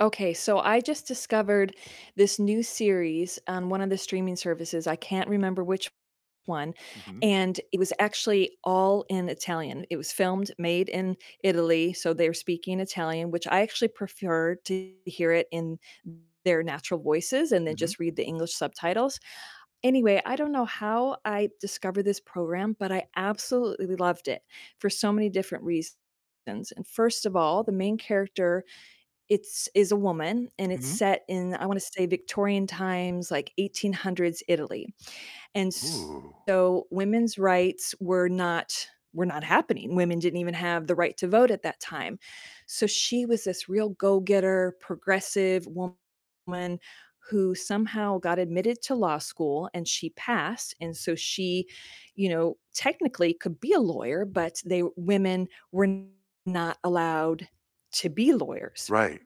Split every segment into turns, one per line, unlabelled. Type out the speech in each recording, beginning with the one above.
Okay, so I just discovered this new series on one of the streaming services, I can't remember which one,
Mhm.
and it was actually all in Italian. It was filmed, made in Italy, so they're speaking Italian, which I actually prefer to hear it in their natural voices and then
Mhm.
just read the English subtitles. Anyway, I don't know how I discovered this program, but I absolutely loved it for so many different reasons. And first of all, the main character, it's is a woman, and it's
Mhm.
set in, I wanna say Victorian times, like 1800s Italy. And
Ooh.
so women's rights were not were not happening, women didn't even have the right to vote at that time. So she was this real go-getter, progressive woman who somehow got admitted to law school, and she passed and so she, you know, technically could be a lawyer, but they Women were not allowed to be lawyers,
Right.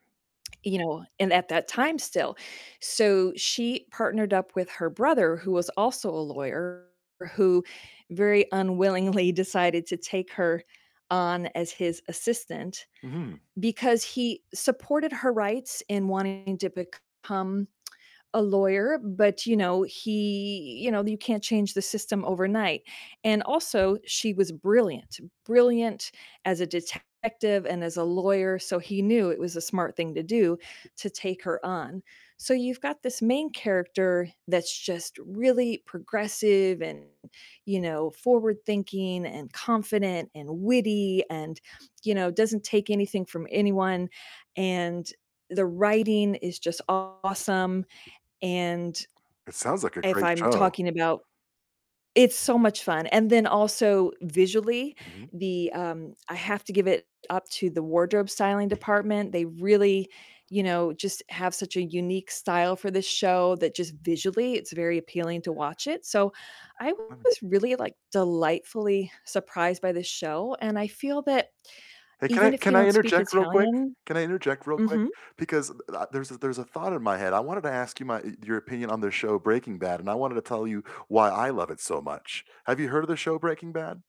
you know, and at that time still. So she partnered up with her brother, who was also a lawyer, who very unwillingly decided to take her on as his assistant
Mhm.
because he supported her rights in wanting to become a lawyer, but, you know, he you know, you can't change the system overnight. And also, she was brilliant, brilliant as a detective and as a lawyer, so he knew it was a smart thing to do to take her on. So you've got this main character that's just really progressive and, you know, forward-thinking and confident and witty and, you know, doesn't take anything from anyone, and the writing is just awesome, and,
It sounds like a
if
great
I'm
show.
talking about It's so much fun. And then also visually,
Mhm.
the um, I have to give it up to the wardrobe styling department, they really, you know, just have such a unique style for this show that just visually it's very appealing to watch it, so I was
[unintelligible]
really, like, delightfully surprised by this show, and I feel that
Hey, can I
even if you
can I
don't speak
interject real quick?
Italian
Can I interject real quick?
Mhm.
Because, uh, there's a there's a thought in my head, I wanted to ask you my y your opinion on the show Breaking Bad, and I wanted to tell you why I love it so much. Have you heard of the show Breaking Bad?